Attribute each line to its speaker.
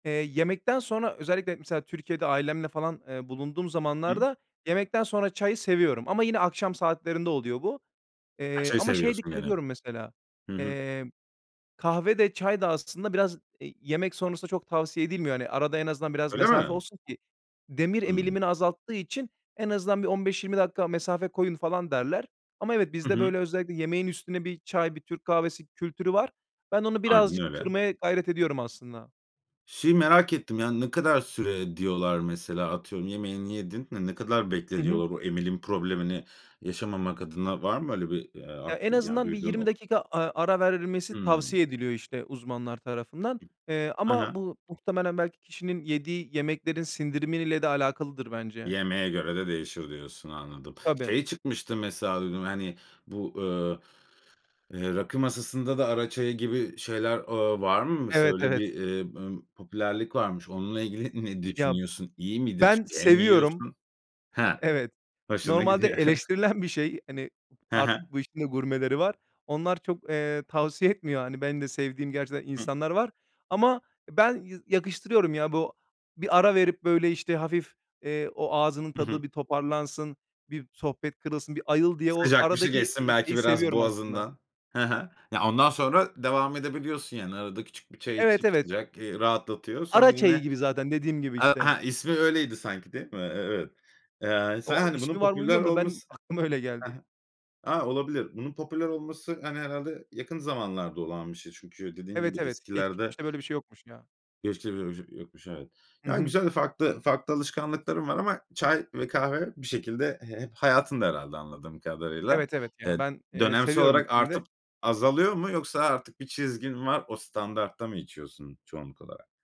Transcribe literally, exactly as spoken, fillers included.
Speaker 1: Eee, yemekten sonra özellikle, mesela, Türkiye'de ailemle falan, eee, bulunduğum
Speaker 2: Hımm.
Speaker 1: zamanlarda yemekten sonra çayı seviyorum. Ama yine akşam saatlerinde oluyor bu.
Speaker 2: Ha
Speaker 1: Eee,
Speaker 2: çayı
Speaker 1: ama şeye
Speaker 2: seviyorsun
Speaker 1: dikkat ediyorum mesela,
Speaker 2: [unintelligible] Hı hı.
Speaker 1: eee, kahve de çay da aslında biraz, eee, yemek sonrasında çok tavsiye edilmiyor. Hani, arada en azından biraz
Speaker 2: Öyle
Speaker 1: mesafe
Speaker 2: mi?
Speaker 1: olsun ki demir
Speaker 2: Hımm.
Speaker 1: emilimini azalttığı için en azından bir on beş yirmi dakika mesafe koyun, falan derler. Ama evet
Speaker 2: Hı
Speaker 1: bizde,
Speaker 2: hı.
Speaker 1: böyle, özellikle yemeğin üstüne bir çay, bir Türk kahvesi kültürü var. Ben onu
Speaker 2: Aynen
Speaker 1: birazcık
Speaker 2: öyle.
Speaker 1: kırmaya gayret ediyorum aslında.
Speaker 2: Şeyi merak ettim, yani, ne kadar süre diyorlar mesela atıyorum, yemeğini yedin, hani, ne kadar bekle
Speaker 1: Hı hı.
Speaker 2: diyorlar o emilin problemini yaşamamak adına var mı öyle bir, eee,
Speaker 1: Ya, en
Speaker 2: aklı yani,
Speaker 1: azından bir
Speaker 2: duyduğun,
Speaker 1: yirmi
Speaker 2: ok
Speaker 1: dakika, aaa, ara verilmesi
Speaker 2: Hımm.
Speaker 1: tavsiye ediliyor, işte, uzmanlar tarafından. Eee,
Speaker 2: Ha ha.
Speaker 1: ama bu muhtemelen belki kişinin yediği yemeklerin sindirimi ile de alakalıdır bence.
Speaker 2: Yemeğe göre de değişir diyorsun, anladım.
Speaker 1: Tabii.
Speaker 2: Şey çıkmıştı mesela duydum hani bu, ııı, eee, rakı masasında da ara çayı gibi şeyler, ııı, var mı mesela?
Speaker 1: Evet,
Speaker 2: Öyle bir,
Speaker 1: evet.
Speaker 2: eee, ımm, popülerlik varmış. Onunla ilgili ne
Speaker 1: Ya,
Speaker 2: düşünüyorsun? İyi midir?
Speaker 1: ben
Speaker 2: Çünkü hem
Speaker 1: seviyorum.
Speaker 2: yiyorsun. Heh.
Speaker 1: Evet,
Speaker 2: Hoşuna
Speaker 1: normalde
Speaker 2: gidiyor.
Speaker 1: eleştirilen bir şey. Hani,
Speaker 2: He he.
Speaker 1: artık bu işin de gurmeleri var. Onlar çok, eee, tavsiye etmiyor, hani, benim de sevdiğim gerçekten
Speaker 2: Hıh.
Speaker 1: insanlar var. Ama ben y yakıştırıyorum ya bu, bir ara verip, böyle, işte, hafif, eee, o ağzının
Speaker 2: Hı hı.
Speaker 1: tadı bir toparlansın, bir sohbet kırılsın, bir ayıl diye o
Speaker 2: Sıcak bir şey
Speaker 1: aradaki,
Speaker 2: geçsin,
Speaker 1: eee,
Speaker 2: belki,
Speaker 1: şeyi
Speaker 2: biraz
Speaker 1: seviyorum aslında.
Speaker 2: boğazından. He he. Ya ondan sonra devam edebiliyorsun, yani, arada küçük bir çay
Speaker 1: Evet,
Speaker 2: içip
Speaker 1: evet.
Speaker 2: sıcak, eee, rahatlatıyor. Sonra
Speaker 1: Ara
Speaker 2: yine.
Speaker 1: çayı gibi zaten dediğim gibi,
Speaker 2: A
Speaker 1: işte.
Speaker 2: ha ismi öyleydi sanki, değil mi? E evet. Eee, sen
Speaker 1: O,
Speaker 2: hani bunun
Speaker 1: ismi var mı
Speaker 2: popüler
Speaker 1: bilmiyorum da ben
Speaker 2: olması
Speaker 1: aklıma öyle
Speaker 2: he
Speaker 1: geldi.
Speaker 2: he. A, olabilir. Bunun popüler olması hani herhâlde yakın zamanlarda olan bir şey. Çünkü dediğin gibi
Speaker 1: Evet, evet,
Speaker 2: eskilerde
Speaker 1: geçmişte böyle bir şey yokmuş ya.
Speaker 2: geçmişte, böyle, bir şey yokmuş, evet.
Speaker 1: Hı
Speaker 2: Ya,
Speaker 1: hı.
Speaker 2: güzel, farklı, farklı alışkanlıkların var ama çay ve kahve bir şekilde he hep hayatında herhâlde anladığım kadarıyla.
Speaker 1: Evet, evet,
Speaker 2: Eee,
Speaker 1: ya ben, eee,
Speaker 2: dönemsel
Speaker 1: seviyorum
Speaker 2: olarak
Speaker 1: ikisini de.
Speaker 2: artıp azalıyor mu yoksa artık bir çizgin mi var o standartta mı içiyorsun çoğunluk olarak?